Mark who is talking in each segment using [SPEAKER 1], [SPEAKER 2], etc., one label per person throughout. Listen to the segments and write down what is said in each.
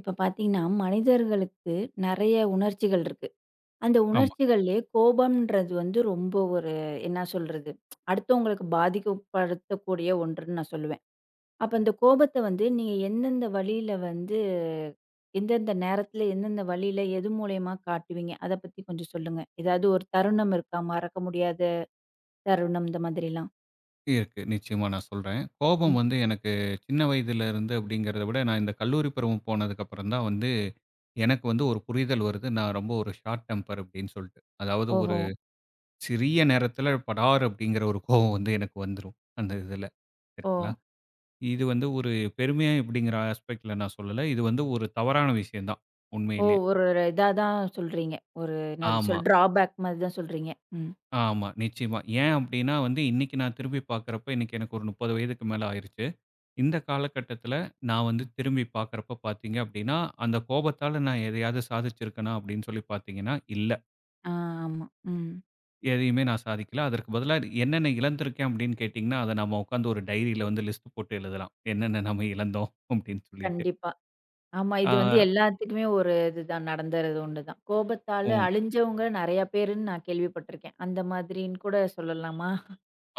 [SPEAKER 1] இப்ப பாத்தீங்கன்னா, மனிதர்களுக்கு நெறைய உணர்ச்சிகள் இருக்கு. அந்த
[SPEAKER 2] ஆமா.
[SPEAKER 1] உணர்ச்சிகள்லயே, கோபம்ன்றது வந்து ரொம்ப ஒரு என்ன சொல்றது? அடுத்தவங்களுக்கு பாதிக்கப்படுத்தக்கூடிய ஒன்றுன்னு நான் சொல்லுவேன். அப்ப இந்த கோபத்த வந்து, நீ எந்தெந்த வழியில வந்து எந்தெந்த நேரத்தில? எந்தெந்த வழியில? எது மூலியமா காட்டுவீங்க? அத பத்தி கொஞ்சம் சொல்லுங்க. ஏதாவது ஒரு தருணம் இருக்கா? மறக்க முடியாத தருணம்! இந்த மாதிரிலாம்.
[SPEAKER 2] இயற்கை, நிச்சயமா நான் சொல்றேன். கோபம்
[SPEAKER 1] ம்.
[SPEAKER 2] வந்து எனக்கு சின்ன வயதில இருந்து அப்படிங்கிறத விட, நான் இந்த கல்லூரி பருவம் போனதுக்கப்புறம் தான் வந்து எனக்கு வந்து ஒரு புரிதல் வருது. "நான் ரொம்ப ஒரு ஷார்ட் டெம்பர்" அப்டின்னு சொல்லிட்டு. அதாவது ஒரு
[SPEAKER 1] ஓஹோ!
[SPEAKER 2] சிறிய நேரத்தில, படார் அப்படிங்கிற ஒரு கோவம் வந்து எனக்கு வந்துரும். அந்த இதில. சரிங்களா.
[SPEAKER 1] ஓ!
[SPEAKER 2] இது வந்து ஒரு பெருமையா? எப்படிங்கிற ஆஸ்பெக்ட்ல நான் சொல்லல. இது வந்து ஒரு தவறான விஷயம் தான்.
[SPEAKER 1] ஓ!
[SPEAKER 2] உண்மையிலே.
[SPEAKER 1] ஒரு இரு இதா தான் சொல்றீங்க. ஒரு என்னாது சொல்
[SPEAKER 2] ஆமா.
[SPEAKER 1] டிராபேக் மாதிரி தான் சொல்றீங்க. ம்.
[SPEAKER 2] ஆமா. நிச்சயமா. ஏன் அப்டினா, வந்து இன்னிக்கி நான் திரும்பி பாக்கிறப்ப, இன்னிக்கு எனக்கு ஒரு 30 வயதுக்கு மேல ஆயிருச்சு. இந்த காலகட்டத்தில நான் வந்து திரும்பி பாக்குரப்ப பாத்தீங்க அப்படினா, அந்த கோபத்தால நான் எதையாவது சாதிச்சு இருக்கனா? அப்படினு சொல்லி பாத்தீங்கனா, இல்ல.
[SPEAKER 1] ஆ. ஆமா. ம்.
[SPEAKER 2] எதையுமே நான் சாதிக்கல, அதற்கு பதிலா என்னென்ன இழந்திருக்கேன் அப்படினு கேட்டீங்கனா, அதை நம்ம உட்கார்ந்து ஒரு டைரில வந்து லிஸ்ட் போட்டு எழுதலாம், என்னென்ன நம்ம இழந்தோம் அப்டின்னு சொல்லிட்டு.
[SPEAKER 1] கண்டிப்பா. ஆமா. இது வந்து
[SPEAKER 2] ஆ.
[SPEAKER 1] எல்லாத்துக்குமே ஒரு இது தான் நடந்தறது ஒண்ணுதான், கோபத்தால
[SPEAKER 2] உ.
[SPEAKER 1] அழிஞ்சவங்க நெறைய பேர்னு நான் கேள்வி பட்டிருக்கேன். அந்த மாதிரின்னு கூட சொல்லலாமா?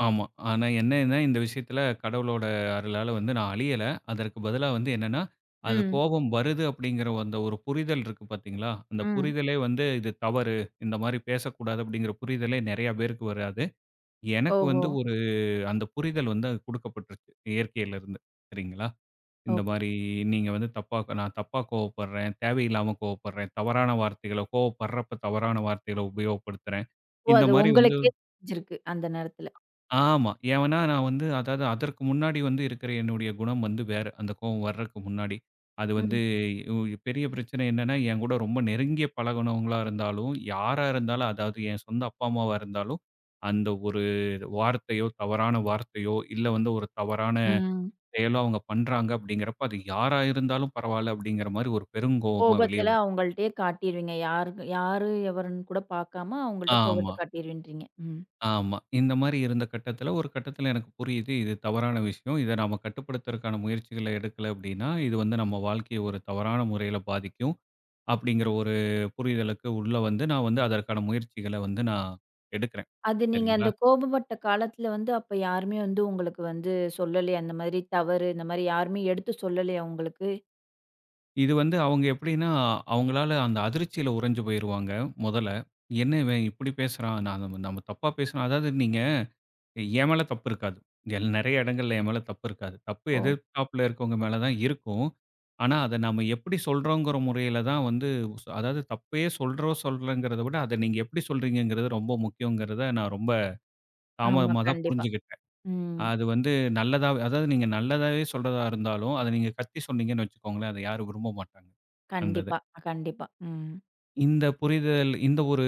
[SPEAKER 2] ஆமா, ஆனா என்னன்னா இந்த விஷயத்தில கடவுளோட அருளால வந்து நான் அழியல, அதற்கு பதிலா வந்து என்னென்னா, அந்த
[SPEAKER 1] ம்.
[SPEAKER 2] கோபம் வருது அப்படிங்கிற அந்த ஒரு புரிதல் இருக்கு பாத்தீங்களா, அந்த
[SPEAKER 1] ம்.
[SPEAKER 2] புரிதலே வந்து இது தவறு, இந்த மாரி பேசக்கூடாது அப்படிங்கிற புரிதலே நெறைய பேருக்கு வராது, எனக்கு வந்து
[SPEAKER 1] ஓஹோ!
[SPEAKER 2] ஒரு அந்த புரிதல் வந்து குடுக்கப்பட்டுருச்சு இயற்கையிலிருந்து சரிங்களா,
[SPEAKER 1] ஒ!
[SPEAKER 2] இந்த மாரி நீங்க வந்து தப்பா க நான் தப்பா கோவப்படுறேன், தேவையில்லாம கோவப்படுறேன், தவறான வார்த்தைகள கோவப்படுறப்ப, தவறான வார்த்தைகளை உபயோகப்படுத்துறேன்,
[SPEAKER 1] ஓ!
[SPEAKER 2] இந்த
[SPEAKER 1] அது
[SPEAKER 2] மாதிரி வந்து
[SPEAKER 1] உங்களுக்கே தெரிஞ்சிருக்கு அந்த நேரத்துல.
[SPEAKER 2] ஆமா, ஏன்னா நான் வந்து அதாவது அதற்கு முன்னாடி வந்து இருக்கிற என்னுடைய குணம் வந்து வேற, அந்த கோவம் வரதுக்கு முன்னாடி, அது வந்து,
[SPEAKER 1] ம்.
[SPEAKER 2] இ உ பெரிய பிரச்சனை என்னன்னா என்கூட ரொம்ப நெருங்கிய பழகுனவங்களா இருந்தாலும், யாரா இருந்தாலும், அதாவது என் சொந்த அப்பா, அம்மாவா இருந்தாலும் அந்த ஒரு வார்த்தையோ தவறான வார்த்தையோ, இல்ல வந்து ஒரு தவறான
[SPEAKER 1] ம்.
[SPEAKER 2] செயலோ அவங்க பண்ணுறாங்க அப்படிங்கிறப்ப அது யாரா இருந்தாலும் பரவாயில்ல அப்படிங்கிற மாரி ஒரு பெருங்கோவமா வெளிய
[SPEAKER 1] கோபத்தில
[SPEAKER 2] வரும்.
[SPEAKER 1] அவங்கள்ட்டயே காட்டிருவீங்க யார்னு யாரு? எவருன்னு கூட பார்க்காம, அவங்கள்ட்ட கோபத்த
[SPEAKER 2] ஆமா.
[SPEAKER 1] காட்டிருவேன் இன்றீங்க ம்.
[SPEAKER 2] ஆமா. இந்த மாரி இருந்த கட்டத்தில, ஒரு கட்டத்தில எனக்கு புரியுது, இது தவறான விஷயம் இதை நம்ம கட்டுப்படுத்துறத்துகான முயற்சிகளை எடுக்கல அப்படின்னா, இது வந்து நம்ம வாழ்க்கையை ஒரு தவறான முறையில பாதிக்கும் அப்படிங்கிற ஒரு புரிதலுக்கு உள்ள வந்து, நான் வந்து அதற்கான முயற்சிகளை வந்து நான், எடுக்கிறேன்
[SPEAKER 1] அது நீங்க அந்த
[SPEAKER 2] சரிங்களா?
[SPEAKER 1] கோபப்பட்ட காலத்தில வந்து அப்போ யாருமே வந்து உங்களுக்கு வந்து சொல்லலயா, இந்த மாரி தவறு, இந்த மாரி யாருமே எடுத்து சொல்லலையா உங்களுக்கு?
[SPEAKER 2] இது வந்து, அவுங்க எப்படினா, அவுங்களால அந்த அதிர்ச்சியில உறஞ்சு போய்ருவாங்க, மொதல்ல. என்ன இவன் இப்புடி பேசுறான்? நாங்க நம்ம தப்பா பேசுனா அதாவது நீங்க, என் மேல தப்பு இருக்காது. எல் நெறய இடங்கள்ல என் மேல தப்பு இருக்காது. தப்பு
[SPEAKER 1] ஓ.
[SPEAKER 2] எதிர்தாப்புல இருக்கவங்க மேல தான் இருக்கும். ஆனா, அத நாம எப்படி சொல்றோங்கற முறையில தான் வந்து அதாவது தப்பயே சொல்றோம், சொல்லலங்கறத விட, அத நீங்க எப்படி சொல்றீங்கங்றது ரொம்ப முக்கியங்கறத, நான் ரொம்ப
[SPEAKER 1] ஆமா,
[SPEAKER 2] தாமதமா தான்
[SPEAKER 1] கண்டிப்பா.
[SPEAKER 2] புரிஞ்சுகிட்டேன்.
[SPEAKER 1] ம்.
[SPEAKER 2] அது வந்து நல்லதா, அதாவது நீங்க நல்லதாவே சொல்றதா இருந்தாலும், அத நீங்க கத்தி சொன்னீங்கன்னு வச்சுக்கோங்களேன், அத யாரும் விரும்ப மாட்டாங்க. அந்தத.
[SPEAKER 1] கண்டிப்பா, கண்டிப்பா. ம்.
[SPEAKER 2] இந்த புரிதல் இந்த ஒரு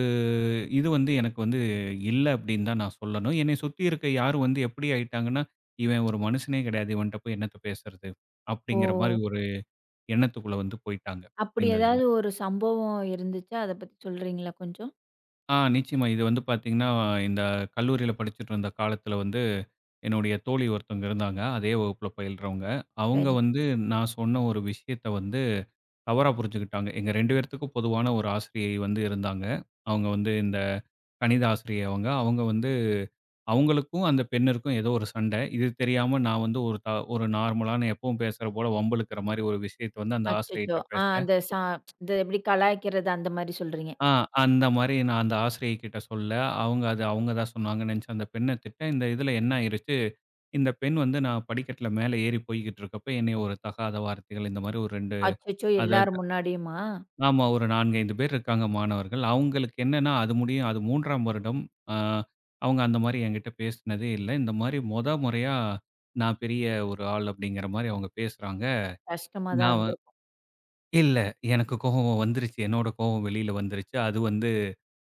[SPEAKER 2] இது வந்து, எனக்கு வந்து இல்ல, அப்படினு தான் நான் சொல்லணும். என்னைய சுத்தி இருக்க, யாரு வந்து எப்படி ஆயிட்டாங்கன்னா, "இவன் ஒரு மனுசனே கிடையாது. இவன்ட்ட போய் என்னத்த பேசறது?" அப்படிங்கற மாரி,
[SPEAKER 1] ஓ.
[SPEAKER 2] ஒரு எண்ணத்துக்குள்ள வந்து போய்ட்டாங்க.
[SPEAKER 1] அப்படி,
[SPEAKER 2] இந்த இதில.
[SPEAKER 1] ஏதாவது ஒரு சம்பவம் இருந்துச்சா? அத பத்தி சொல்றீங்களா? கொஞ்சம்.
[SPEAKER 2] ஆ, நிச்சயமா. இது வந்து பாத்தீங்கன்னா, இந்த கல்லூரியில படிச்சிட்டு இருந்த காலத்தில வந்து, என்னுடைய தோழி ஒருத்தவங்க இருந்தாங்க. அதே வகுப்புல பயில்றவங்க. அவுங்க
[SPEAKER 1] சரி.
[SPEAKER 2] வந்து, நான் சொன்ன ஒரு விஷயத்த வந்து, தவறா புருஞ்சுக்கிட்டாங்க. எங்க 2 பேருத்துக்கும், பொதுவான ஒரு ஆசிரியை வந்து இருந்தாங்க. அவுங்க வந்து, இந்த கணித ஆசிரியை அவுங்க. அவுங்க வந்து அவுங்களுக்கும் அந்த பெண்ணிற்கும் ஏதோ ஒரு சண்டை. இது தெரியாம, நான் வந்து ஒரு, த ஒரு நார்மலான, எப்பவும் பேசுற போல, வம்பு இழுக்கிற மாரி ஒரு விஷயத்த வந்து, அந்த
[SPEAKER 1] அச்சச்சோ!
[SPEAKER 2] ஆசிரியைட்ட
[SPEAKER 1] அ,
[SPEAKER 2] பேசுனேன்.
[SPEAKER 1] அந்த ச இந்த இப்டி கலாய்க்கிறது, அந்த மாரி சொல்றீங்க!
[SPEAKER 2] ஆ, அந்த மாரி, நான் அந்த ஆசிரியை கிட்ட சொல்ல, அவுங்க அத, அவுங்க தான் சொன்னாங்கன்னு நெனச்சு, அந்த பெண்ண திட்ட. இந்த இதில என்ன ஆயிருச்சு? இந்த பெண் வந்து, நான் படிக்கட்ல மேல ஏறி போய்க்கிட்ருக்கப்போ, என்னய ஒரு தகாத வார்த்தைகள், இந்த மாரி ஒரு 2
[SPEAKER 1] அச்சச்சோ!
[SPEAKER 2] அதாது
[SPEAKER 1] எல்லார் முன்னாடியுமா?
[SPEAKER 2] ஆமா. ஒரு 4,5 பேர் இருக்காங்க, மாணவர்கள். அவுங்களுக்கு என்னான்னா, அது முடியும் அது 3ஆம் வருடம். ஆ, அவுங்க அந்த மாரி என்கிட்ட பேசுனதே இல்ல. இந்த மாரி மொத மொறயா, "நான் பெரிய, ஒரு ஆள்" அப்டிங்கிற மாரி, அவுங்க பேசுறாங்க.
[SPEAKER 1] கஷ்டமா தான்
[SPEAKER 2] நான் வ
[SPEAKER 1] இருந்திருக்கும்!
[SPEAKER 2] இல்ல, எனக்கு கோவம் வந்துருச்சு. என்னோட கோவம் வெளியில வந்துருச்சு. அது வந்து,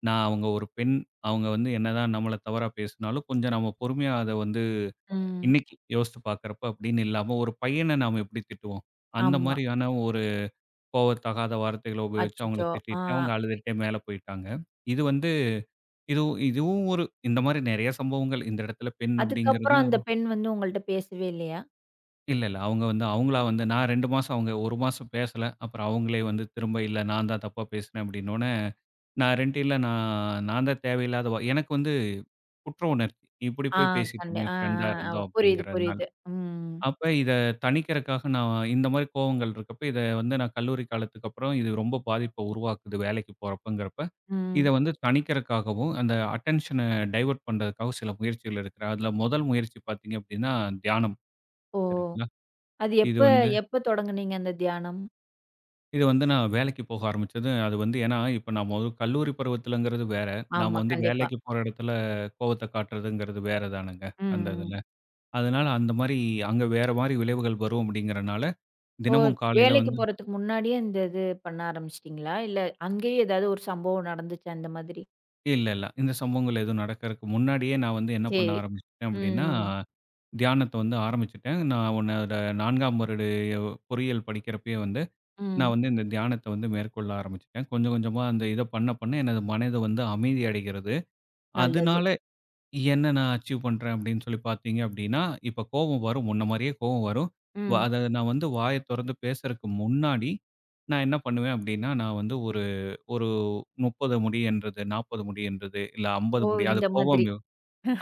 [SPEAKER 2] நான் அவுங்க ஒரு பெண், அவுங்க வந்து என்னதான் நம்மள தவறா பேசுனாலும், கொஞ்சம் நம்ம பொறுமையா, அத வந்து
[SPEAKER 1] ம்.
[SPEAKER 2] இன்னைக்கு யோசிச்சு பாக்கிறப்ப அப்டின்னு இல்லாம, ஒரு பையன நாம எப்படி திட்டுவோம்? அந்த
[SPEAKER 1] ஆமா.
[SPEAKER 2] மாரியான ஒரு கோவத்தகாத வார்த்தைகள உபயோகிச்சு, அவுங்கள
[SPEAKER 1] அச்சச்சோ!
[SPEAKER 2] திட்டிட்டேன். அவுங்க
[SPEAKER 1] ஆ.
[SPEAKER 2] அழுதுட்டே மேல போயிட்டாங்க. இது வந்து இதுவு இதுவும் ஒரு இந்த மாரி நெறயா சம்பவங்கள். இந்த எடத்தில, பெண்
[SPEAKER 1] அதுக்கு அப்புறம்,
[SPEAKER 2] அப்படிங்கிறதும்
[SPEAKER 1] அந்த பெண் வந்து, உங்கள்ட பேசவே இல்லையா?
[SPEAKER 2] இல்ல, இல்ல. அவுங்க வந்து அவுங்களா வந்து, நான் 2 மாசம், அவுங்க 1 மாசம் பேசல. அப்புறம் அவுங்களே வந்து, திரும்ப இல்ல நான் தான் தப்பா பேசுனேன், அப்படின்னோன, நான் 2 இல்ல. நான், நான் தான் தேவையில்லாத வ எனக்கு வந்து குற்ற உணர்ச்சி. இப்படி
[SPEAKER 1] அ,
[SPEAKER 2] போய் பேசிட்டமே,
[SPEAKER 1] கண்டிப் அ,
[SPEAKER 2] பிரெண்டா
[SPEAKER 1] அ, அ.
[SPEAKER 2] இருந்தும்
[SPEAKER 1] புரியுது,
[SPEAKER 2] அப்படிங்கிறதுனால.
[SPEAKER 1] புரியுது. ம்.
[SPEAKER 2] அப்ப இத தனிக்கிறக்காக, நான் இந்த மாதிரி கோபங்கள் இருக்கப்போ, இத வந்து நான் கல்லூரி காலத்துக்கு அப்பறம், இது ரொம்ப பாதிப்ப உருவாக்குது வேலைக்கு போறப்பங்கிறப்ப, இத
[SPEAKER 1] ம்.
[SPEAKER 2] வந்து தனிக்கிறக்காகவும், அந்த அட்டென்ஷனை டைவர்ட் பண்றதுக்காகவும் சில முயற்சிகள் எடுக்குறன். அதுல முதல் முயற்சி பாத்தீங்க அப்படின்னா தியானம்.
[SPEAKER 1] ஓ!
[SPEAKER 2] சரிங்களா.
[SPEAKER 1] அது
[SPEAKER 2] இது
[SPEAKER 1] எப்ப,
[SPEAKER 2] வந்து
[SPEAKER 1] எப்ப தொடங்குனீங்க அந்த தியானம்?
[SPEAKER 2] இது வந்து நான் வேலைக்கு போக ஆரம்பிச்சது, அது வந்து, ஏனா, இப்ப நாம, கல்லூரி பருவத்தில்ங்கிறது வேற. நாம
[SPEAKER 1] ஆமா,
[SPEAKER 2] வந்து
[SPEAKER 1] கண்டிப்பா.
[SPEAKER 2] வேலைக்கு போற இடத்தில கோவத்த காட்றது, வேற தானங்க?
[SPEAKER 1] ம்,
[SPEAKER 2] அந்த
[SPEAKER 1] ம்.
[SPEAKER 2] இதில. அதனால அந்த மாதிரி, அங்க வேற மாதிரி விளைவுகள் வரும் அப்படிங்கிறனால,
[SPEAKER 1] ஓ!
[SPEAKER 2] தினமும் காலைல
[SPEAKER 1] வேலைக்கு
[SPEAKER 2] வந்து
[SPEAKER 1] போறதுக்கு முன்னாடியே, இந்த இது பண்ண ஆரம்பிச்சிட்டீங்களா? இல்ல, அங்கயே எதாவது ஒரு சம்பவம் நடந்துச்சா இந்த மாதிரி?
[SPEAKER 2] இல்ல, இல்ல. இந்த சம்பவங்கள் எதுவும் நடக்கிறக்கு முன்னாடியே, நான் வந்து என்ன
[SPEAKER 1] சரி,
[SPEAKER 2] பண்ண ஆரம்பிச்சுட்டேன் அப்படின்னா,
[SPEAKER 1] ம்.
[SPEAKER 2] தியானத்த வந்து ஆரம்பிச்சுட்டேன். நான் உன்னோட 4 வருடம் எ பொறியியல் படிக்கிறப்பயே வந்து, நான்
[SPEAKER 1] ம்.
[SPEAKER 2] வந்து இந்த தியானத்த வந்து மேற்கொள்ள ஆரம்பிச்சுட்டேன். கொஞ்சம் கொஞ்சமா அந்த இத பண்ண பண்ண, எனது மனது வந்து அமைதி அடைகிறது.
[SPEAKER 1] நல்லது.
[SPEAKER 2] அதனால, என்ன நான் அச்சீவ் பண்றேன் அப்படின்னு சொல்லி பார்த்தீங்க அப்படின்னா, இப்ப கோவம் வரும், முன்ன மாரியே கோவம் வரும். இப்ப
[SPEAKER 1] ம்.
[SPEAKER 2] அத நான் வந்து வாய தொறந்து பேசறக்கு முன்னாடி, நான் என்ன பண்ணுவேன் அப்படினா, நான் வந்து ஒரு, ஒரு 30 முடிய என்றது, 40 முடிய என்றது, இல்ல 50
[SPEAKER 1] ஓ!
[SPEAKER 2] முடிய. அது
[SPEAKER 1] இந்த
[SPEAKER 2] கோவம்.
[SPEAKER 1] மாதிரி.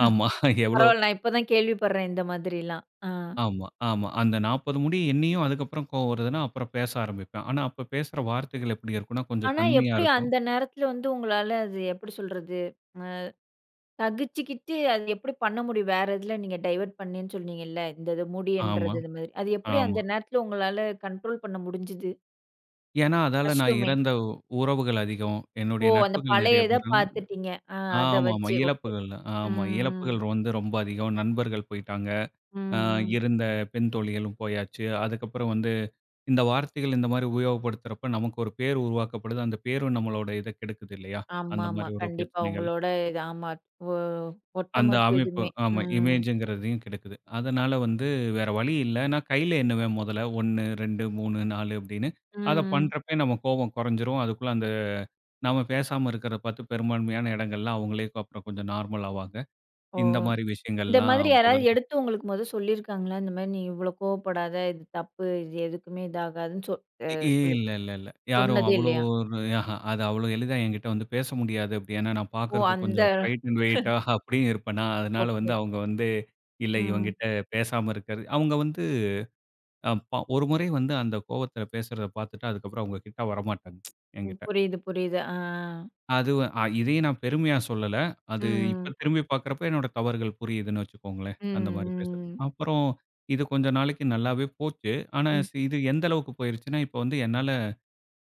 [SPEAKER 2] ஆமா. எவ்ளோ
[SPEAKER 1] பரவால்ல, நான் இப்ப தான் கேள்விப்படுறேன், இந்த மாதிரிலாம். அ.
[SPEAKER 2] ஆமா, ஆமா. அந்த 40 முடிய எண்ணியும், அதுக்கு அப்புறம் கோவம் வருதுன்னா, அப்புறம் பேச ஆரம்பிப்பேன். ஆனா அப்ப பேசற வார்த்தைகள் எப்படி இருக்கும்னா, கொஞ்சம்
[SPEAKER 1] ஆனா,
[SPEAKER 2] தன்மையா
[SPEAKER 1] எப்படி
[SPEAKER 2] இருக்கும்.
[SPEAKER 1] அந்த நேரத்தில வந்து, உங்களால அது எப்படி சொல்றது. அ சகிச்சுக்கிட்டு, அது எப்படி பண்ண முடியும், வேற இதில நீங்க டைவர்ட் பண்ணேண்னு சொன்னீங்கல்ல, இந்த இது
[SPEAKER 2] ஆமா,
[SPEAKER 1] முடியுன்றது, இது மாதிரி. அது எப்படி
[SPEAKER 2] ஆமா.
[SPEAKER 1] அந்த நேரத்தில உங்களால கண்ட்ரோல் பண்ண முடிஞ்சுது?
[SPEAKER 2] ஏனா, அதால நான்
[SPEAKER 1] கஷ்டமே.
[SPEAKER 2] இறந்த உறவுகள் அதிகம்.
[SPEAKER 1] ஓ!
[SPEAKER 2] என்னுடைய
[SPEAKER 1] அந்த
[SPEAKER 2] நட்புகள் நெறைய
[SPEAKER 1] பழயத
[SPEAKER 2] பேரும்.
[SPEAKER 1] பார்த்துட்டீங்க. ஆ, அத
[SPEAKER 2] ஆமாமா,
[SPEAKER 1] வெச்சு ஓகே.
[SPEAKER 2] இழப்புகள்.
[SPEAKER 1] ம்
[SPEAKER 2] ஆமா, இழப்புகள்
[SPEAKER 1] ம்.
[SPEAKER 2] வந்து ரொம்ப அதிகம். நண்பர்கள் போயிட்டாங்க,
[SPEAKER 1] ம்,
[SPEAKER 2] அ
[SPEAKER 1] ம்.
[SPEAKER 2] இருந்த பெண் தோழிகளும் போயாச்சு. அதுக்கப்புறம் வந்து இந்த வார்த்தைகள் இந்த மாரி உபயோகப்படுத்துறப்போ நமக்கு ஒரு பேர் உருவாக்கப்படுது. அந்த பேரும் நம்மளோட இத கெடுக்குது இல்லையா? அந்த
[SPEAKER 1] ஆமாமா.
[SPEAKER 2] மாரி ஒரு
[SPEAKER 1] கண்டிப்பா
[SPEAKER 2] பிரச்சனைகள்.
[SPEAKER 1] உங்களோட இது. ஆமா. இப்போ ஒட்டு
[SPEAKER 2] அந்த
[SPEAKER 1] மொத்த
[SPEAKER 2] அமைப்பு.
[SPEAKER 1] இதுமே.
[SPEAKER 2] ஆமா
[SPEAKER 1] ம்.
[SPEAKER 2] இமேஜங்கிறதையும் கெடுக்குது. அதனால வந்து வேற வழி இல்ல, நான் கையில எண்ணுவேன். முதல்ல 1 2 3 4 அப்டின்னு.
[SPEAKER 1] ம்,
[SPEAKER 2] அத
[SPEAKER 1] ம்.
[SPEAKER 2] பண்றப்பயே நம்ம கோவம் கொறஞ்சிரும். அதுக்குள்ள அந்த நம்ம பேசாம இருக்கிறத பார்த்து பெரும்பான்மையான இடங்கள்லா, அவங்களே அப்புறம் கொஞ்சம் நார்மல் ஆவாங்க.
[SPEAKER 1] ஓ!
[SPEAKER 2] இந்த மாரி
[SPEAKER 1] இந்த
[SPEAKER 2] விஷயங்கள்லா
[SPEAKER 1] மாதிரி யாராவது
[SPEAKER 2] மொதல்ல
[SPEAKER 1] எடுத்து உங்களுக்கு மொத சொல்லியிருக்காங்களா? இந்த மாரி நீ இவ்ளோ கோவப்படாத, இது தப்பு, இது எதுக்குமே இதாகாதுன்னு சொ அ
[SPEAKER 2] இ
[SPEAKER 1] சொல்லி
[SPEAKER 2] இல்லல்லல்ல, யாரும்
[SPEAKER 1] சொன்னதே
[SPEAKER 2] அவ்ளோ
[SPEAKER 1] இல்லையா?
[SPEAKER 2] ஒரு ஆஹா அது அவ்ளோ எளிதா ஏங்கிட்ட வந்து பேச முடியாது. அப்டி ஏனா, நான்
[SPEAKER 1] ஓ!
[SPEAKER 2] பார்க்கறதுக்கு
[SPEAKER 1] அந்த.
[SPEAKER 2] கொஞ்சம் ஹைட் அண்ட் வெயிட்டா அப்டி இருப்பேனா, அதனால வந்து
[SPEAKER 1] ஓகே.
[SPEAKER 2] அவங்க வந்து இல்ல
[SPEAKER 1] ம்.
[SPEAKER 2] இவன்கிட்ட பேசாம இருக்கிறது அவங்க வந்து அ ப ஒரு முறை வந்து அந்த கோபத்தில பேசுறத பார்த்துட்டு, அதுக்கப்புறம் அவங்க கிட்ட வரமாட்டாங்க.
[SPEAKER 1] ம்.
[SPEAKER 2] ஏங்கிட்ட.
[SPEAKER 1] புரியுது, புரியுது. ஆ.
[SPEAKER 2] அதுவு, அ இதையும் நான் பெருமையா சொல்லல்ல. அது, இப்ப
[SPEAKER 1] ம்.
[SPEAKER 2] திரும்பி பார்க்குறப்ப என்னுடைய தவறுகள் புரியுதுனு வச்சுக்கொங்களேன். அந்த மாரி பேசுற.
[SPEAKER 1] ம், ம்.
[SPEAKER 2] அப்புறம், இது கொஞ்சம் நாளைக்கு நல்லாவே போச்சு. ஆனா
[SPEAKER 1] ம்.
[SPEAKER 2] சி இது எந்த அளவுக்கு போய்ருச்சுனா, இப்போ வந்து என்னால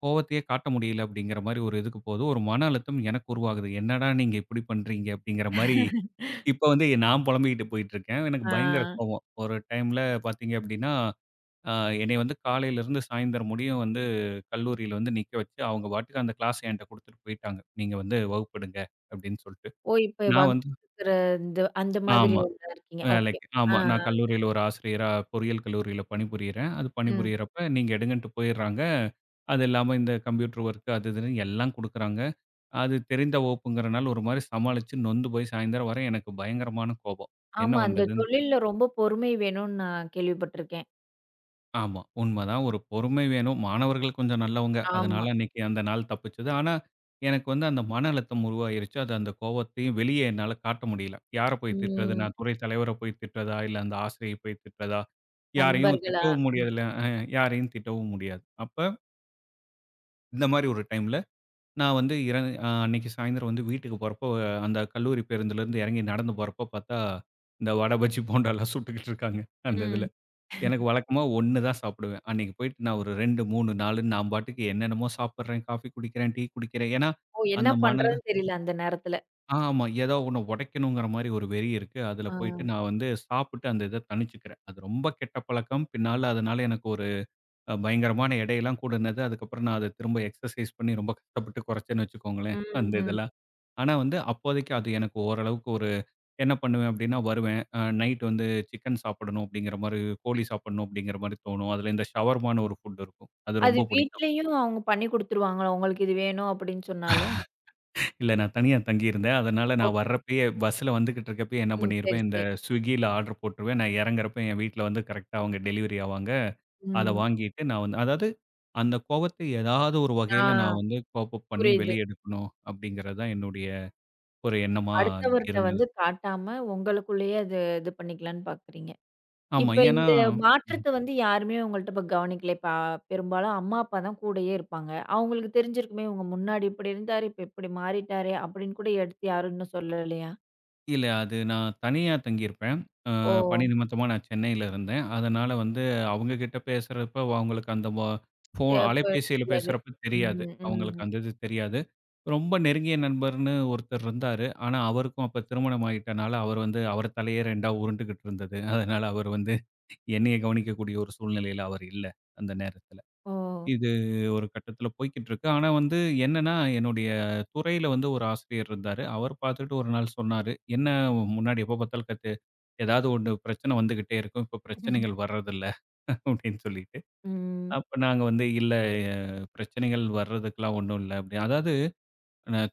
[SPEAKER 2] கோவத்தையே காட்ட முடியல, அப்டிங்கிற மாரி ஒரு இதுக்கு போகுது. ஒரு மன அழுத்தம் எனக்கு உருவாகுது. "என்னடா நீங்க இப்டி பண்றீங்க?" அப்டிங்கிற மாரி, இப்ப வந்து நான் பொலம்பிட்டு போய்கிட்டு இருக்கேன். எனக்கு பயங்கர
[SPEAKER 1] ஆ.
[SPEAKER 2] கோவம். ஒரு டைம்ல பார்த்தீங்க அப்டினா, ஆ என்னைய வந்து காலையில இருந்து சாயந்திரம் முடியும் வந்து கல்லூரியில வந்து நிக்க வெச்சு, அவங்க பாட்டுக்கு அந்த கிளாஸ்ஸ என்ட குடுத்துட்டு போய்ட்டாங்க. நீங்க வந்து வகுப்பெடுங்க அப்படினு சொல்லிட்டு.
[SPEAKER 1] ஓ! இப்ப
[SPEAKER 2] நான்
[SPEAKER 1] [unintelligible]
[SPEAKER 2] வந்து
[SPEAKER 1] இந்த அந்த மாதிரி
[SPEAKER 2] ஆமா.
[SPEAKER 1] இதுல இருக்கீங்க ஓகே.
[SPEAKER 2] வேலைக்கு
[SPEAKER 1] ஆ.
[SPEAKER 2] ஆமா நான் கல்லூரியில ஒரு ஆசிரியரா, பொறியியல் கல்லூரியில பணிபுரியறேன். அது
[SPEAKER 1] ம்.
[SPEAKER 2] பணிபுரியறப்ப, நீங்க எடுங்கன்ட்டு போயிடுறாங்க. அது இல்லாம, இந்த கம்ப்யூட்டர் ஒர்க் அது இதுன்னு எல்லா குடுக்குறாங்க. அது தெரிந்த வகுப்புங்கிறனால, ஒரு மாரி சமாளிச்சு நொந்து போய் சாயந்திரம் வரை எனக்கு பயங்கரமான கோபம். என்ன
[SPEAKER 1] ஆமா. அந்த
[SPEAKER 2] பண்றதுன்னு தெ
[SPEAKER 1] தொழில்ல ரொம்ப பொறுமை வேணுன்னு நான் கேள்விப்பட்டுருக்கேன்.
[SPEAKER 2] ஆமா, உண்மதான் ஒரு பொறுமை வேணும். மாணவர்கள் கொஞ்சம் நல்லவங்க.
[SPEAKER 1] ஆமா.
[SPEAKER 2] அதனால அன்னைக்கு அந்த நாள் தப்பிச்சது. ஆனா, எனக்கு வந்து அந்த மன அழுத்தம் உருவாகிருச்சு, அது அந்த கோவத்தையும் வெளிய என்னால காட்ட முடியல. யார போய் திட்றது
[SPEAKER 1] ம்.
[SPEAKER 2] நான் துறை தலைவர போய் திட்றதா இல்ல, அந்த ஆசிரியர போய் திட்றதா, யாரையும்
[SPEAKER 1] நண்பர்களா?
[SPEAKER 2] திட்டவும்
[SPEAKER 1] ம்.
[SPEAKER 2] முடியறதுல்ல அ யாரையும் திட்டவும் முடியாது. அப்ப இந்த மாரி ஒரு டைம்ல நான் வந்து இர அ அன்னைக்கு சாயந்திரம் வந்து வீட்டுக்கு போறப்ப அந்த கல்லூரி பேருந்திலிருந்து எறங்கி நடந்து போறப்போ பார்த்தா இந்த வட, பஜ்ஜி, போண்டால்லாம் சுட்டுக்கிட்டு இருக்காங்க. அந்த
[SPEAKER 1] ம்.
[SPEAKER 2] இதில. எனக்கு வழக்கமா 1 தான் சாப்பிடுவேன். அன்னைக்கு போயிட்டு நான் ஒரு 2,3,4ன்னு நான் பாட்டுக்கு என்னென்னமோ சாப்பிடுறேன், காஃபி குடிக்கிறேன், டீ குடிக்கிறேன். ஏனா
[SPEAKER 1] ஓ! என்ன
[SPEAKER 2] அந்த மன
[SPEAKER 1] பண்றதுனு தெரியல அந்த நேரத்துல.
[SPEAKER 2] அ, ஆமா, ஏதோ ஒன்ன உடைக்கணுங்கிற மாரி ஒரு வெறி இருக்கு. அதில போயிட்டு
[SPEAKER 1] அ.
[SPEAKER 2] நான் வந்து சாப்பிட்டு அந்த இத தனிச்சுக்கிறேன். அது ரொம்ப கெட்ட பழக்கம்! பின்னால அதனால எனக்கு ஒரு பயங்கரமான எடைலாம் கூடுனது, அதுக்கப்புறம் நான் அத திரும்ப எக்சர்சைஸ் பண்ணி ரொம்ப கஷ்டப்பட்டு குறச்சேன்னு வச்சுக்கோங்களேன்.
[SPEAKER 1] ம்,
[SPEAKER 2] அந்த
[SPEAKER 1] ம்.
[SPEAKER 2] இதெல்லாம். ஆனா, வந்து அப்போதைக்கு அது எனக்கு ஓரளவுக்கு ஒரு என்ன பண்ணுவேன் அப்படின்னா, வருவேன். நைட் வந்து சிக்கன் சாப்பிடணும் அப்படிங்கிற மாரி கோழி சாப்பிடணும் அப்படிங்கிற மாரி தோணும். அதில இந்த ஷவர்மான்னு ஒரு ஃபுட் இருக்கும். அது
[SPEAKER 1] அது
[SPEAKER 2] ரொம்ப பிடிக்கும்.
[SPEAKER 1] வீட்லயும் அவங்க பண்ணி குடுத்துருவாங்க? உங்களுக்கு இது வேணும் அப்படின்னு சொன்னாலும்.
[SPEAKER 2] இல்ல நான் தனியா தங்கியிருந்தேன். அதனால நான்
[SPEAKER 1] ஓகே.
[SPEAKER 2] வரப்பயே பஸ்ஸில வந்துகிட்டு இருக்கிறப்பயே என்ன
[SPEAKER 1] ம். சரி,
[SPEAKER 2] பண்ணியிருப்பேன், இந்த
[SPEAKER 1] சரி.
[SPEAKER 2] ஸ்விக்கியில, ஆர்டர் போட்டுருவேன். நான் எறங்கிறப்போ, என் வீட்ல வந்து கரெக்ட்டா அவங்க டெலிவரி ஆவாங்க. அத
[SPEAKER 1] ம்.
[SPEAKER 2] வாங்கிட்டு நான் வந்து அதாவது அந்த கோபத்த ஏதாவது ஒரு
[SPEAKER 1] அ,
[SPEAKER 2] வகைல நான் வந்து கோப்-அப் பண்ணி
[SPEAKER 1] புரியுது.
[SPEAKER 2] வெளிய எடுக்கணும், அப்படிங்கிறது தான் என்னுடைய, ஒரு எண்ணமா
[SPEAKER 1] அடுத்தவர்ட்ட
[SPEAKER 2] இருந்தது.
[SPEAKER 1] வந்து காட்டாம உங்களுக்குள்ளயே அது, இது பண்ணிக்கலாம்னு பார்க்குறீங்க!
[SPEAKER 2] ஆமா.
[SPEAKER 1] இப்ப
[SPEAKER 2] ஏன்னா,
[SPEAKER 1] இந்த
[SPEAKER 2] ம்.
[SPEAKER 1] மாற்றத்த வந்து யாருமே உங்கள்ட இப்ப கவனிக்கல? இப்ப அ, பெரும்பாலும் அம்மா, அப்பா தான் கூடயே இருப்பாங்க. அவங்களுக்கு தெரிஞ்சிருக்குமே. "உங்க முன்னாடி இப்படி இருந்தாரு. இப்ப இப்படி மாறிட்டாரே!" அப்படின்னு கூட எடுத்து யாரும் இன்னும் சொல்லலையா?
[SPEAKER 2] இல்ல. அது நான் தனியா தங்கியிருப்பேன். அ பணி
[SPEAKER 1] ஓ!
[SPEAKER 2] நிமித்தமா நான் சென்னையில இருந்தேன். அதனால வந்து அவங்ககிட்ட பேசுறப்ப அவங்களுக்கு அந்த போ ஃபோ
[SPEAKER 1] தேவைப்பட
[SPEAKER 2] அலைபேசியில
[SPEAKER 1] முடியாது.
[SPEAKER 2] பேசுறப்ப தெரியாது.
[SPEAKER 1] ம்.
[SPEAKER 2] அவங்களுக்கு
[SPEAKER 1] ம்.
[SPEAKER 2] அந்த இது தெரியாது. ரொம்ப நெருங்கிய நண்பர்ன்னு ஒருத்தர் இருந்தாரு. ஆனா, அவருக்கும் அப்ப திருமணமாயிட்டனால அவர் வந்து, அவர் தலையே 2 உருண்டுகிட்டு இருந்தது. அதனால, அவர் வந்து என்னைய கவனிக்கக்கூடிய ஒரு சூழ்நிலையில அவர் இல்ல. அந்த நேரத்தில
[SPEAKER 1] ஓ!
[SPEAKER 2] இது ஒரு கட்டத்தில போய்க்கிட்டு இருக்கு. ஆனா, வந்து என்னென்னா என்னுடைய துறையில வந்து ஒரு ஆசிரியர் இருந்தாரு, அவர் பாத்துட்டு ஒரு நாள் சொன்னாரு, என்ன முன்னாடி எப்போ பாத்தாலும் கத்து ஏதாவது ஒண்ணு பிரச்சன வந்துகிட்டே இருக்கும். இப்போ பிரச்சனைகள் வரதில்ல, அப்படின்னு சொல்லிட்டு,
[SPEAKER 1] ம்.
[SPEAKER 2] அப்ப நாங்க வந்து இல்ல ஆ பிரச்சனைகள் வரதுக்கெல்லாம் ஒண்ணும் இல்ல. அப்படி அதாவது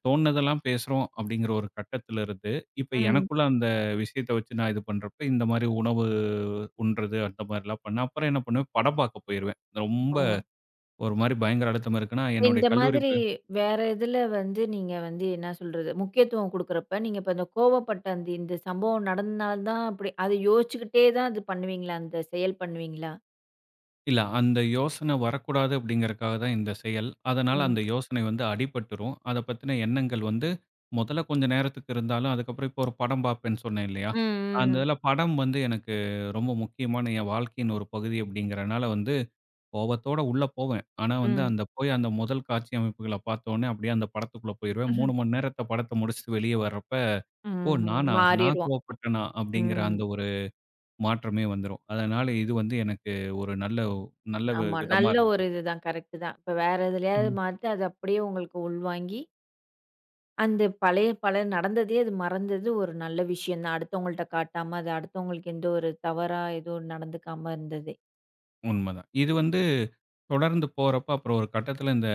[SPEAKER 2] தோண்ணதெல்லாம் பேசுறோம் அப்படிங்கிற ஒரு கட்டத்திலிருந்து, இப்ப
[SPEAKER 1] ம்.
[SPEAKER 2] எனக்குள்ள அந்த விஷயத்த வெச்சு நான் இது பண்றப்ப இந்த மாதிரி உணவு உண்றது அந்த மாதிரிலாம் பண்ணா. அப்புறம் என்ன பண்ணுவேன் படம் பார்க்க போயிருவேன். ரொம்ப
[SPEAKER 1] ஓ!
[SPEAKER 2] ஒரு மாரி பயங்கர அழுத்தமா இருக்குதுனா என்னுடைய
[SPEAKER 1] இந்த
[SPEAKER 2] கல்லூரி
[SPEAKER 1] மாதிரி
[SPEAKER 2] பே
[SPEAKER 1] வேற எதில வந்து நீங்க வந்து என்னா சொல்றது முக்கியத்துவம் குடுக்குறப்ப, நீங்க இப்ப அந்த கோவப்பட்ட அந்த இந்த சம்பவம் நடந்தனால தான் அப்படி அத யோசிச்சுக்கிட்டே தான் அது பண்ணுவீங்களா? அந்த செயல் பண்ணுவீங்களா?
[SPEAKER 2] இல்ல, அந்த யோசனை வரக்கூடாது அப்படீங்கறக்காக தான் இந்த செயல். அதனால
[SPEAKER 1] ம்.
[SPEAKER 2] அந்த யோசனை வந்து அடிபட்டுரும். அத பத்துன எண்ணங்கள் வந்து மொதல்ல கொஞ்ச நேரத்துக்கு இருந்தாலும் அதுக்கப்பறம் இப்ப ஒரு படம் பார்ப்பேன்னு சொன்னேன் இல்லையா?
[SPEAKER 1] ம். ம்.
[SPEAKER 2] அந்த
[SPEAKER 1] ம்.
[SPEAKER 2] இதுல படம் வந்து எனக்கு ரொம்ப முக்கியமான என் வாழ்க்கையின் ஒரு பகுதி அப்படிங்கறனால வந்து, கோவத்தோட உள்ள போவேன். ஆனா வந்து,
[SPEAKER 1] ம்.
[SPEAKER 2] அந்த போய் அந்த மொதல் காட்சி அமைப்புகள பார்த்த ஒன்னே அப்படியே அந்த படத்துக்குள்ள போயிருவேன்.
[SPEAKER 1] ம்ஹ்ம்.
[SPEAKER 2] 3 மணி நேரத்த படத்த முடிச்சுட்டு வெளிய வர்றப்ப, "ஓ!
[SPEAKER 1] ம்.
[SPEAKER 2] நானா? நா
[SPEAKER 1] மாறிருவோம்.
[SPEAKER 2] கோவப்பட்டனா" அப்படீங்கிற
[SPEAKER 1] ம்.
[SPEAKER 2] அந்த ஒரு மாற்றமே வந்துரும். அதனால இது வந்து எனக்கு ஒரு நல்ல வ் நல்ல
[SPEAKER 1] ஆமா.
[SPEAKER 2] விதமா
[SPEAKER 1] நல்ல ஒரு
[SPEAKER 2] இருந்தது.
[SPEAKER 1] இதுதான் கரெக்ட்டு தான். இப்ப வேற எதுலயாவது
[SPEAKER 2] ம்.
[SPEAKER 1] மாத்தி அத அப்படியே உங்களுக்கு உள்வாங்கி அந்த பழைய பல நடந்ததே அது மறந்தது ஒரு நல்ல விஷயம் தான். அடுத்தவங்கள்ட்ட காட்டாம, அது அடுத்தவங்களுக்கு எந்த ஒரு தவறா எதுவும் நடந்துக்காம இருந்ததே.
[SPEAKER 2] உண்மை தான். இது வந்து தொடர்ந்து போறப்போ, அப்புறம் ஒரு கட்டத்தில இந்த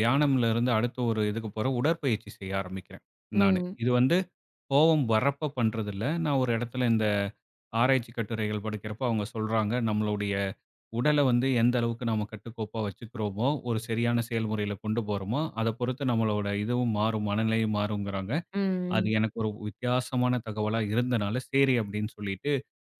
[SPEAKER 2] தியானம்லருந்து அடுத்த ஒரு இதுக்கு போறேன். உடற்பயிற்சி செய்ய ஆரம்பிக்கிறேன் நானு.
[SPEAKER 1] ம்.
[SPEAKER 2] இது வந்து கோவம் வர்றப்ப பண்ணுறதில்ல. நான் ஒரு இடத்தில இந்த ஆராய்ச்சி கட்டுரைகள் படிக்கிறப்போ அவங்க சொல்றாங்க, நம்மளுடைய உடல வந்து எந்த அளவுக்கு நாம கட்டுக்கோப்பா வச்சுக்கறோமோ, ஒரு சரியான செயல்முறையில கொண்டு போறோமோ அதை பொறுத்து நம்மளோட இதுவும் மாறும், மனநிலையும் மாறும்ங்கறாங்க.
[SPEAKER 1] ம்.
[SPEAKER 2] அது
[SPEAKER 1] ம்.
[SPEAKER 2] எனக்கு ஒரு வித்தியாசமான தகவலா இருந்தனால, சரி அப்படீன்னு சொல்லீட்டு,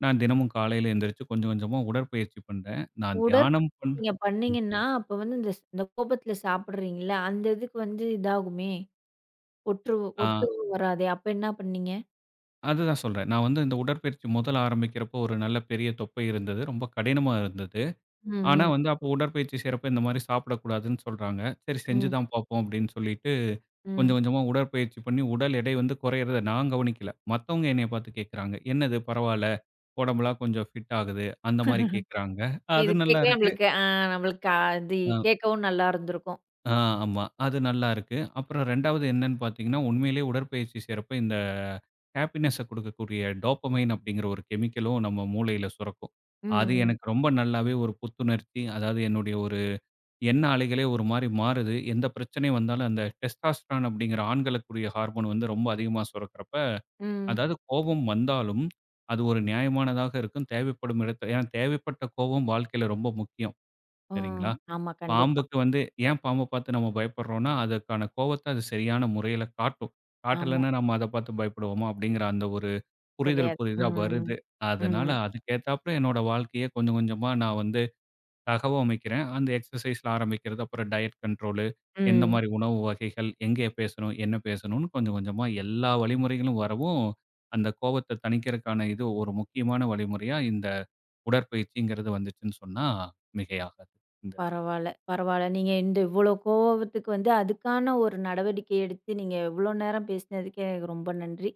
[SPEAKER 2] நான் தினமும் காலையில எந்திருச்சு கொஞ்ச கொஞ்சமா உடற்பயிற்சி பண்ணுறேன். நான்
[SPEAKER 1] உடற்ப
[SPEAKER 2] தியானம் பண்
[SPEAKER 1] நீங்க
[SPEAKER 2] ம்.
[SPEAKER 1] பண்ணீங்கன்னா, அப்ப வந்து இந்த ஸ் இந்த கோபத்தில சாப்பிடுறீங்கல்ல, அந்த இதுக்கு வந்து இதாகுமே, ஒற்று
[SPEAKER 2] ஆ.
[SPEAKER 1] ஒத்து வராதே. அப்ப என்னா பண்ணீங்க?
[SPEAKER 2] அதுதான் சொல்றேன். நான் வந்து இந்த உடற்பயிற்சி முதல்ல ஆரம்பிக்கிறப்ப, ஒரு நல்ல பெரிய தொப்பை இருந்தது. ரொம்ப கடினமா இருந்தது.
[SPEAKER 1] ம்,
[SPEAKER 2] ஆனா
[SPEAKER 1] ம்.
[SPEAKER 2] வந்து அப்போ உடற்பயிற்சி செய்யறப்ப, இந்த மாதிரி சாப்பிடக்கூடாதுன்னு சொல்றாங்க. சரி செஞ்சு
[SPEAKER 1] ம்.
[SPEAKER 2] தான் பார்ப்போம் அப்படின்னு சொல்லிட்டு, கொஞ்சம்
[SPEAKER 1] ம்.
[SPEAKER 2] கொஞ்சமா உடற்பயிற்சி பண்ணி உடல் எடை வந்து குறையறத நான் கவனிக்கல. மத்தவங்க என்னய பார்த்து கேக்குறாங்க. "என்னது பரவாயில்ல, உடம்பெல்லாம் கொஞ்சம் ஃபிட் ஆகுது" அந்த மாதிரி கேக்கறாங்க.
[SPEAKER 1] இப்ப
[SPEAKER 2] அது
[SPEAKER 1] இது கேட்கவே
[SPEAKER 2] நல்லாருக்கு.
[SPEAKER 1] நம்மளுக்கு, அ நம்மளுக்கு அதி
[SPEAKER 2] ஆ.
[SPEAKER 1] கேட்கவும் நல்லா இருந்துருக்கும்.
[SPEAKER 2] அ, ஆமா. அது நல்லா இருக்கு. அப்புறம் 2வது என்னன்னு பார்த்தீங்கன்னா உண்மையிலேயே உடற்பயிற்சி செய்யறப்போ இந்த ஹேப்பினஸ்ஸ கொடுக்கக்கூடிய டோப்பமைன் அப்படிங்கற ஒரு கெமிக்கலும், நம்ம மூளையில சுரக்கும்.
[SPEAKER 1] ம்,
[SPEAKER 2] அது
[SPEAKER 1] ம்.
[SPEAKER 2] எனக்கு ரொம்ப நல்லாவே ஒரு புத்துணர்ச்சி, அதாவது என்னுடைய ஒரு எண்ண அலைகளே ஒரு மாதிரி மாறுது. எந்த பிரச்சனை வந்தாலும் அந்த டெஸ்டாஸ்டரன் அப்படிங்கிற ஆண்களுக்கு கூடிய ஹார்மோன் வந்து ரொம்ப அதிகமா சுரக்குறப்ப,
[SPEAKER 1] ம்.
[SPEAKER 2] அதாவது கோபம் வந்தாலும் அது ஒரு நியாயமானதாக இருக்கும், தேவைப்படும் இடத்துல. ஏன்னா தேவைப்பட்ட கோபம், வாழ்க்கையில ரொம்ப முக்கியம்.
[SPEAKER 1] ம்.
[SPEAKER 2] சரிங்களா!
[SPEAKER 1] ஆமா, கண்டிப்பா.
[SPEAKER 2] பாம்புக்கு வந்து ஏன் பாம்ப பார்த்து நம்ம பயப்படுறோம்னா அதற்கான கோபத்த அது சரியான முறையில காட்டும்.
[SPEAKER 1] ஆமா.
[SPEAKER 2] காட்டலன்னா, நம்ம அத பார்த்து பயப்படுவோமா! அப்படிங்கிற அந்த ஒரு புரிதல்
[SPEAKER 1] கிடையாது.
[SPEAKER 2] புதித
[SPEAKER 1] ம்,
[SPEAKER 2] வருது.
[SPEAKER 1] ம்,
[SPEAKER 2] அதனால
[SPEAKER 1] ம்.
[SPEAKER 2] அதுக்கு ஏத்தாப்புல என்னுடைய வாழ்க்கையை கொஞ்சம் கொஞ்சமா நான் வந்து, தகவமைக்கிறேன். அந்த எக்சர்சைஸ்ல ஆரம்பிக்கிறது, அப்புறம் டயட் கண்ட்ரோலு எந்த
[SPEAKER 1] ம்.
[SPEAKER 2] மாதிரி உணவு வகைகள், எங்கே பேசணும், என்ன பேசணும்னு, கொஞ்சம் கொஞ்சமா எல்லா வழிமுறைகளும் வரவும், அந்த கோபத்தை தணிக்கிறதுக்கான இது ஒரு முக்கியமான வழிமுறையா இந்த உடற்பயிற்சிங்கறது வந்துச்சுன்னு சொன்னா மிகையாகாது. இந்த
[SPEAKER 1] பரவால்ல பரவால்ல. நீங்க இந்த இவ்ளோ கோவத்துக்கு வந்து அதுக்கான ஒரு நடவடிக்கை எடுத்து, நீங்க இவ்ளோ நேரம் பேசுனதுக்கு எனக்கு ரொம்ப நன்றி.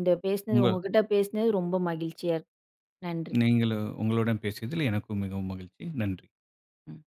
[SPEAKER 1] இந்த பேசுனது
[SPEAKER 2] உங்க
[SPEAKER 1] உங்க கிட்ட பேசினது ரொம்ப மகிழ்ச்சியா இருக்கு. நன்றி.
[SPEAKER 2] நீங்களும் உங்களுடன் பேசியதில் எனக்கும் மிகவும் மகிழ்ச்சி, நன்றி.
[SPEAKER 1] ம்.